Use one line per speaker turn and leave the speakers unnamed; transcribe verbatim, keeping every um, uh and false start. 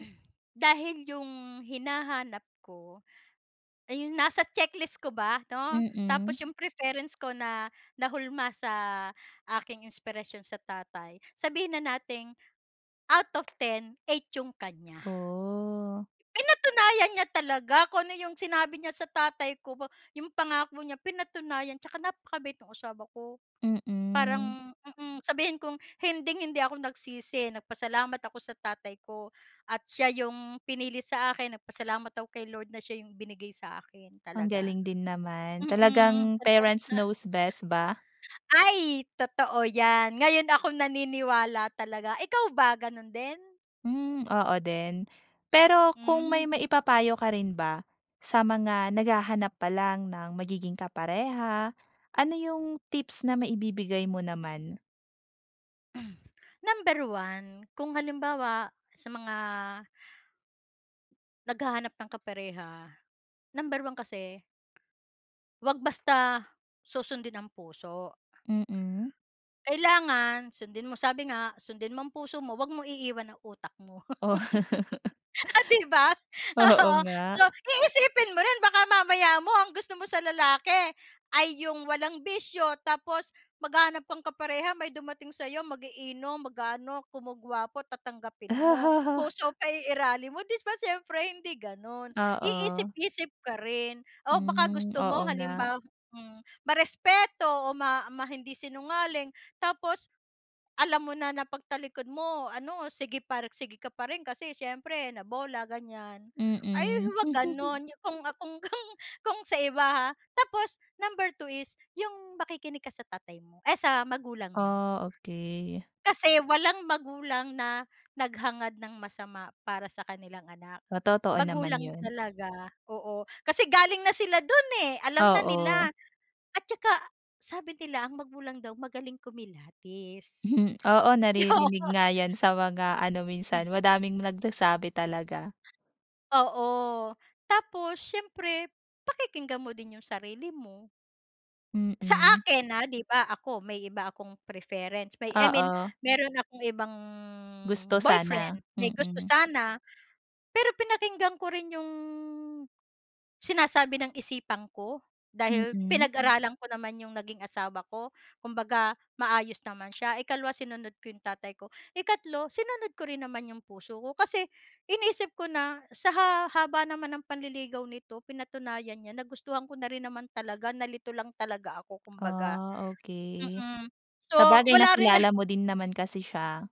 Dahil yung hinahanap ko, ay yun nasa checklist ko ba, 'no?
Mm.
Tapos yung preference ko na nahulma sa aking inspirasyon sa tatay, sabihin na nating out of ten, eight yung kanya.
Oh.
Pinatunayan niya talaga kung ano yung sinabi niya sa tatay ko ba, 'yong pangako niya, pinatunayan, tsaka napakabait no'ng asawa ko.
Mm.
Parang mm sabihin kong hinding-hindi ako nagsisi, nagpasalamat ako sa tatay ko at siya 'yong pinili sa akin. Nagpasalamat ako kay Lord na siya 'yong binigay sa akin,
Ang
talaga.
galing din naman.
Mm,
Talagang
advance
parents
na.
knows best ba?
Ay! Totoo yan. Ngayon ako naniniwala talaga. Ikaw ba, ganon din?
Hmm. Oo din. Pero kung
Hmm.
may maipapayo ka rin ba sa mga naghahanap pa lang ng magiging kapareha, ano yung tips na maibibigay mo naman?
Number one, kung halimbawa sa mga naghahanap ng kapareha. Number 1 kasi huwag basta susundin ang puso.
Mm.
Kailangan sundin mo sabi nga sundin mo ang puso mo huwag mong iiwan ang utak mo.
Oo.
Oh, di ba?
Oo
Oo. So
nga.
iisipin mo rin baka mamaya mo, ang gusto mo sa lalaki, ay yung walang bisyo tapos maghahanap kang kapareha may dumating sa'yo mag-iinom, mag-aano kumo gwapo tatanggapin mo. Puso paiiralin mo, 'di ba siyempre hindi ganon.
Oo.
Iisip-isip ka rin o baka
Hmm,
gusto mo
oo nga.
halimbawa hmm, ma-respeto o ma ma hindi sinungaling tapos, alam mo na na pagtalikod mo ano sige par sige ka pa rin kasi syempre na bola ganyan. Ay
Mm.
huwag ganun, yung kung kung kung kung sa iba ha. Tapos number two is yung makikinig ka sa tatay mo, ay sa magulang mo.
Oh, okay.
Kasi walang magulang na naghangad ng masama para sa kanilang anak.
O totoo naman
Magulang
yun.
talaga, oo. Kasi galing na sila dun eh, alam na nila.
Oo.
At tsaka, sabi nila, ang magulang daw magaling kumilatis.
Oo,
Oo.
naririnig nga yan sa mga ano minsan, madaming nagsasabi talaga.
Oo. Tapos siyempre, pakikinggan mo din yung sarili mo. Sa
Mm.
akin ah, 'di ba ako may iba akong preference, I mean
Oo.
meron akong ibang,
Gusto
boyfriend.
sana,
May gusto
mm.
sana, pero pinakinggan ko rin yung, sinasabi ng isipan ko, dahil
Mm.
pinag-aralan ko naman yung naging asawa ko. Kumbaga maayos naman siya. Ikalawa, sinunod ko yung tatay ko. Ikatlo, sinunod ko rin naman yung puso ko, kasi iniisip ko na sa ha-haba naman ng panliligaw nito pinatunayan niya, nagustuhan ko na rin naman talaga, nalito lang talaga ako kumbaga.
Ah okay.
Mm. So
Sabagay
wala rin na
nakilala mo din naman kasi siya.